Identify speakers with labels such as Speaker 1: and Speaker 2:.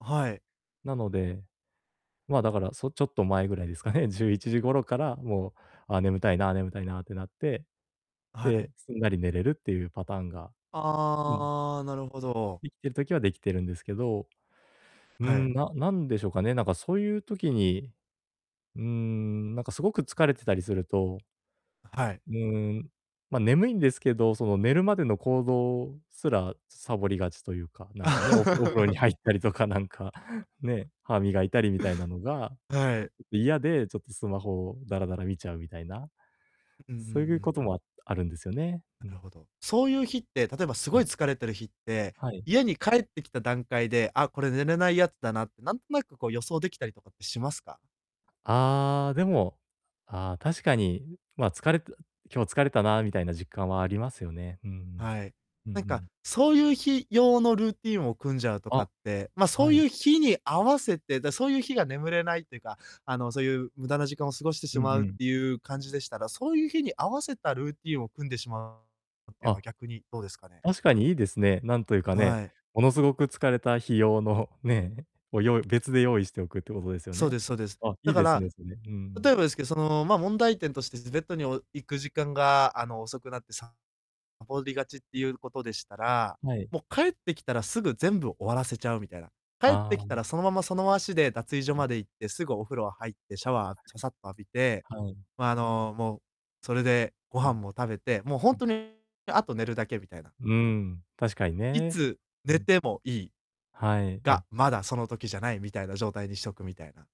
Speaker 1: あ、はい。
Speaker 2: なので、ま、だから、そちょっと前ぐらいですかね。11時頃からもう、あ、眠たいな、眠たいなってなって。
Speaker 1: あ、はい。
Speaker 2: で、すんなり寝れるっていうパターンがうん。
Speaker 1: ああ、なるほど。
Speaker 2: できてる時はできてるんですけど。うー
Speaker 1: はい。
Speaker 2: ん、ななんでしょうかね、なんか、そういう時に、うーん、なんか、すごく疲れてたりすると
Speaker 1: あ、はい。
Speaker 2: うーん、ま、眠いんですけど、その寝るまでの行動すら、さぼりがちというか、なんかね、おふお風呂に入ったりとかなんか、ね、歯磨いたりみたいなのが
Speaker 1: はい。
Speaker 2: 嫌で、ちょっとスマホをダラダラ見ちゃうみたいな。
Speaker 1: ん、うんうん
Speaker 2: そうい
Speaker 1: う
Speaker 2: う
Speaker 1: ん。
Speaker 2: ことも、ああるんですよね、う
Speaker 1: な
Speaker 2: ん。
Speaker 1: るほど。そういう日って、例えばす
Speaker 2: う
Speaker 1: ごい
Speaker 2: ん。
Speaker 1: 疲れてる日って、
Speaker 2: はい。
Speaker 1: 家に帰ってきた段階で、あ、これ寝れないやつだなって、なんとなく、こう、予想できたりとかってしますか？
Speaker 2: ああ、でも、ああ、確かに、まあ、疲れた今日疲れたなみたいな実感はありますよね。うんうん。
Speaker 1: はい。
Speaker 2: うんう
Speaker 1: なんか、
Speaker 2: ん。
Speaker 1: そういう日用のルーティンを組んじゃうとか
Speaker 2: あ、
Speaker 1: って、ま、そ
Speaker 2: は
Speaker 1: う
Speaker 2: い。
Speaker 1: いう日に合わせて。で、そういう日が眠れないっていうか、あの、そういう無駄な時間を過ごしてし
Speaker 2: うん
Speaker 1: ま
Speaker 2: う
Speaker 1: うっ
Speaker 2: ん。
Speaker 1: ていう感じでしたら、そういう日に合わせたルーティンを組んでしまうっていうのは
Speaker 2: あ。
Speaker 1: 逆にどうですかね？
Speaker 2: 確かにいいですね。なんというかね。
Speaker 1: はい。
Speaker 2: ものすごく疲れた日用の、ね、を用意別で用意しておくっていうことですよ
Speaker 1: そう
Speaker 2: ね。
Speaker 1: ですそうです。
Speaker 2: あ、
Speaker 1: だ
Speaker 2: いい
Speaker 1: か
Speaker 2: です
Speaker 1: ら、
Speaker 2: ね、それ、う
Speaker 1: 例え
Speaker 2: ん。
Speaker 1: ばですけど、その、ま、問題点として、ずベッドにお行く時間が、あの、遅くなってさぼりがちっていうことでしたら、
Speaker 2: はい。
Speaker 1: もう帰ってきたらすぐ全部終わらせちゃうみたいな。帰っ
Speaker 2: ああ、
Speaker 1: てきたら、
Speaker 2: ん。
Speaker 1: そのままその足で脱衣所
Speaker 2: はい。
Speaker 1: まで行って、すぐお風呂入って、シャワーささっと浴びて、
Speaker 2: はい。はい。
Speaker 1: ま、あの、もう、それでご
Speaker 2: う
Speaker 1: 飯
Speaker 2: ん。
Speaker 1: も食べて、もうほん
Speaker 2: うん。
Speaker 1: とにあと寝るだけみたいな。
Speaker 2: うーん、確かに
Speaker 1: い
Speaker 2: ね。
Speaker 1: つ
Speaker 2: う
Speaker 1: 寝
Speaker 2: ん。
Speaker 1: てもいい。
Speaker 2: はい、
Speaker 1: が、
Speaker 2: あ
Speaker 1: まだその時じゃない、みたいな状態にしとくみたいな。